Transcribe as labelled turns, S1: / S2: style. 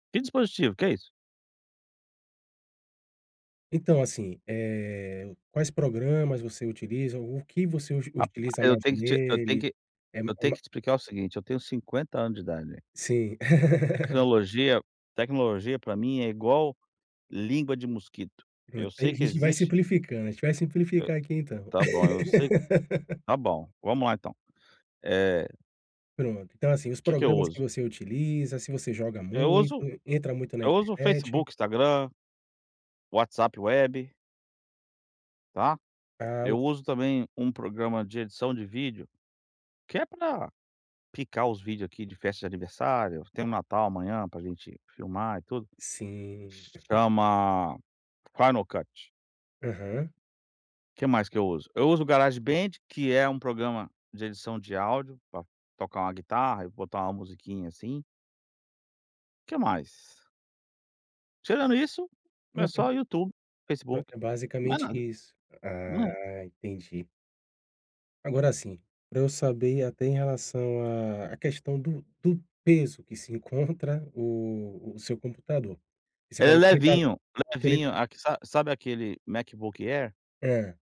S1: Que dispositivo, o que é isso?
S2: Então assim, eh, quais programas você utiliza, o que você uti uti
S1: Rapaz,
S2: utiliza
S1: eu
S2: mais
S1: tenho que te eu tenho
S2: nele?
S1: que
S2: É ma
S1: eu
S2: é
S1: tenho
S2: ma
S1: que te explicar o seguinte, eu tenho 50 anos de idade.
S2: Sim.
S1: Tecnologia tecnologia pra mim é igual língua de mosquito, eu
S2: A
S1: sei que
S2: gente vai
S1: existe
S2: simplificando, a gente vai
S1: Eu,
S2: simplificar aqui então.
S1: está bom, assim. Está bom, vamos lá então, eh
S2: Pronto, então assim, os
S1: Que que eu
S2: programas que
S1: uso?
S2: você utiliza, se você joga
S1: Eu
S2: muito,
S1: uso
S2: entra muito na
S1: eu uso o
S2: internet.
S1: Facebook, Instagram, WhatsApp web. Tá?
S2: Ah,
S1: Eu
S2: ok.
S1: uso também um programa de edição de vídeo, que é para picar os vídeos aqui de festa de aniversário, tem um Natal amanhã pra gente filmar e tudo,
S2: Sim.
S1: chama Final Cut.
S2: Aham.
S1: Que mais que eu uso, eu uso Garage Band, que é um programa de edição de áudio pra tocar uma guitarra e botar uma musiquinha assim. Que mais? Tirando isso,
S2: Pra
S1: é
S2: ter
S1: só YouTube,
S2: Pra
S1: Facebook,
S2: ter
S1: mais
S2: basicamente
S1: nada.
S2: isso,
S1: É.
S2: ah, entendi. Agora assim, pra eu saber até em relação à à questão do do peso que se encontra o o seu computador. Você
S1: Ele é
S2: falou que ele tá
S1: levinho,
S2: que ele
S1: levinho,
S2: tá
S1: aque sabe sabe aquele MacBook Air?
S2: É.